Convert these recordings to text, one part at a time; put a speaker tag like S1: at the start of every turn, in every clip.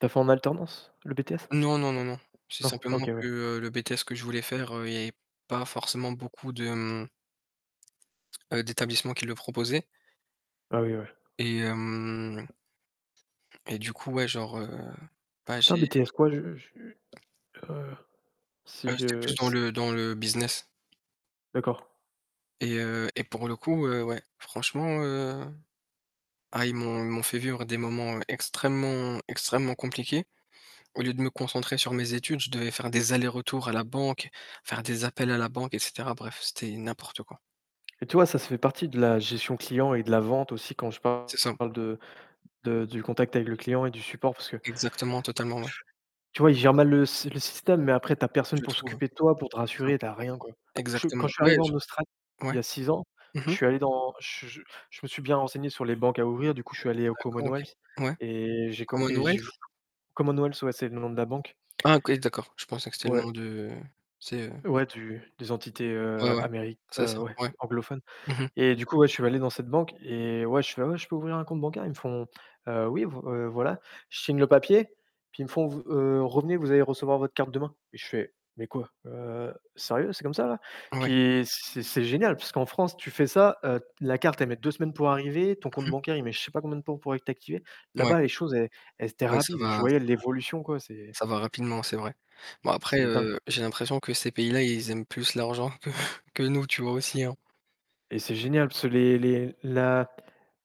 S1: Tu as fait en alternance, le BTS?
S2: Non, non, non, non. C'est
S1: Non?
S2: simplement
S1: OK, ouais.
S2: que le BTS que je voulais faire, heu, il y avait pas forcément beaucoup de, mmh heu, d'établissements qui le proposaient
S1: Ah oui, ouais.
S2: et hem et du coup ouais genre, heu, bah
S1: C'était un
S2: j'ai
S1: BTS quoi? Je je, heu, si
S2: Heu, c'était
S1: je
S2: plus dans
S1: s
S2: le dans le business.
S1: D'accord.
S2: et heu, et pour le coup, heu, ouais, franchement, heu ah, ils m'ont ils m'ont fait vivre des moments extrêmement extrêmement compliqués. Au lieu de me concentrer sur mes études, je devais faire des allers-retours à la banque, faire des appels à la banque, et cetera. Bref, c'était n'importe quoi!
S1: Et tu vois, ça, ça fait partie de la gestion client et de la vente aussi quand je parle
S2: C'est ça.
S1: de de du contact avec le client et du support, parce que tu
S2: Exactement, totalement, ouais.
S1: tu vois, ils gèrent mal le sy le système, mais après, tu as personne
S2: Je
S1: pour
S2: trouve,
S1: s'occuper de toi, pour te
S2: c'est ça.
S1: rassurer, tu as rien, quoi. Je suis quand
S2: Exactement.
S1: je suis
S2: Ouais,
S1: arrivé en Australie,
S2: genre
S1: il
S2: ouais?
S1: y a 6 ans,
S2: Mmh
S1: je
S2: mh.
S1: suis allé dans je je je me suis bien renseigné sur les banques à ouvrir, du coup, je suis allé au
S2: D'accord, OK,
S1: Commonwealth,
S2: ouais.
S1: et j'ai co et j'ai
S2: Commonwealth?
S1: [unintelligible] Commonwealth. Ouais, c'est le nom de la banque.
S2: Ah OK, d'accord. Je pensais que c'est le
S1: Ouais.
S2: nom de tu sais, heu
S1: Ouais, du des entités,
S2: ouais,
S1: heu,
S2: ouais,
S1: améri
S2: c'est
S1: heu,
S2: ça,
S1: ouais,
S2: ouais,
S1: anglophones.
S2: mmh mh.
S1: Et du coup, ouais, je suis allé dans cette banque et ouais, je fais: «Ah ouais, je peux ouvrir un compte bancaire?» ils me font: «Heu, oui, v heu, voilà». Je signe le papier, puis ils me font: «Vous heu, revenez, vous allez recevoir votre carte demain» et je fais: «Mais quoi? Heu, sérieux, 'est comme ça là?»
S2: Ouais.
S1: puis c'est c'est génial, puisqu'en France, tu fais ça, heu, la carte, elle met 2 semaines pour arriver, ton compte
S2: Mmh mh.
S1: bancaire, il met je sais pas combien de temps pour être activé.
S2: Ouais,
S1: Là-bas, les choses, elles elles étaient
S2: ouais, ça
S1: rapides. Je
S2: va ça va
S1: voyais l'évolution, quoi, c'est
S2: ça va rapidement, c'est vrai. Bon après,
S1: c'est dingue.
S2: heu, j'ai l'impression que ces pays-là, ils aiment plus l'argent que que nous, tu vois aussi, hein?
S1: Et c'est génial, parce que les les la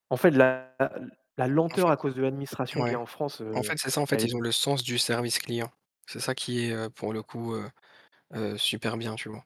S1: en fait la l la
S2: En
S1: lenteur
S2: fait
S1: à cause de l'administration qu'il
S2: ouais.
S1: y a en France,
S2: En
S1: heu,
S2: fait, c'est ça, en
S1: elle
S2: fait,
S1: est
S2: ils ont le sens du service client. C'est ça qui est, heu, pour le coup, heu, heu, super bien, tu vois?